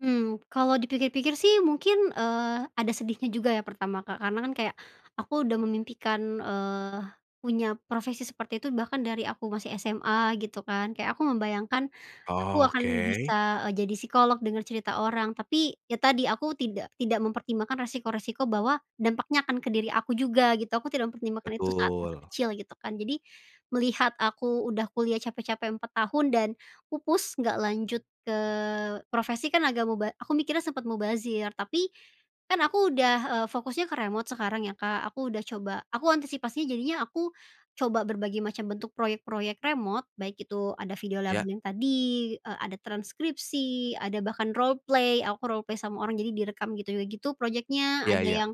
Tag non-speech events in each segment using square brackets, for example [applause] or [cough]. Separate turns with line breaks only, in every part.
Mmm, kalau dipikir-pikir sih mungkin, eee, ada sedihnya juga ya pertama Kak karena kan kayak, aku udah memimpikan, eee, punya profesi seperti itu bahkan dari aku masih SMA gitu kan, kayak aku membayangkan, aku akan
Oke.
bisa, eee, jadi psikolog denger cerita orang tapi, ya tadi aku tidak tidak mempertimbangkan resiko-resiko bahwa dampaknya akan ke diri aku juga gitu aku tidak mempertimbangkan itu saat masa
Betul.
kecil gitu kan, jadi, melihat aku udah kuliah capek-capek 4 tahun dan pupus, nggak lanjut ke profesi kan agak muba aku mikirnya sempet mubazir tapi, kan aku udah, eee, fokusnya ke remote sekarang ya Kak aku udah coba aku antisipasinya jadinya aku, coba berbagai macam bentuk proyek-proyek remote baik itu ada video lagu
Iya.
yang tadi, eee, ada transkripsi, ada bahkan roleplay, aku roleplay sama orang jadi direkam gitu gitu proyeknya
Iya
ada
iya.
yang,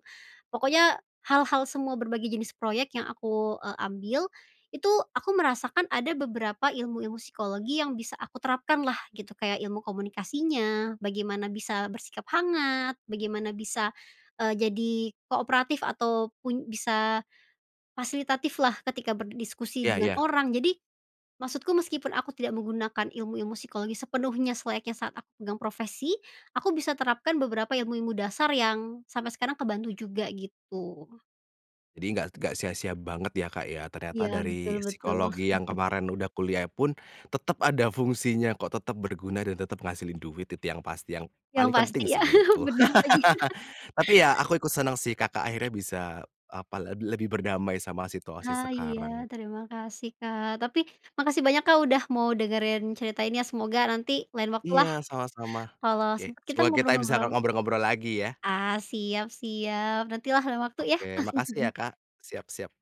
pokoknya hal-hal semua berbagai jenis proyek yang aku, eee, ambil, itu aku merasakan ada beberapa ilmu-ilmu psikologi yang bisa aku terapkan lah gitu, kayak ilmu komunikasinya, bagaimana bisa bersikap hangat, bagaimana bisa, eee, jadi kooperatif atau pun bisa, fasilitatif lah ketika berdiskusi
Iya
dengan
iya.
orang jadi, maksudku meskipun aku tidak menggunakan ilmu-ilmu psikologi sepenuhnya selayaknya saat aku pegang profesi, aku bisa terapkan beberapa ilmu-ilmu dasar yang sampai sekarang kebantu juga gitu.
Jadi nggak nggak sia-sia banget ya Kak ya, ternyata
Iya betul
dari
betul.
psikologi yang
[chuckles]
kemarin udah kuliah pun, tetap ada fungsinya kok, tetap berguna, dan tetap ngehasilin duit itu yang pasti, yang
Yang
paling
pasti
penting
ya.
sih
[chuckles]
menurutku.
Benar lagi.
[chuckles] Tapi
[chuckles]
ya aku ikut seneng sih Kakak akhirnya bisa, apa, leb lebih berdamai sama situasi
Ah, iya,
sekarang.
terima kasih Kak tapi, makasih banyak Kak udah mau dengerin cerita ini ya, semoga nanti lain waktu lah,
Iya sama-sama.
kalau
Oke
sempat kita
semoga kita bisa
ngobrol-ngobrol.
ng ngobrol-ngobrol lagi ya.
Ah, siap siap, nanti lah lain waktu ya.
Oke makasih ya
[chuckles]
Kak. Siap siap.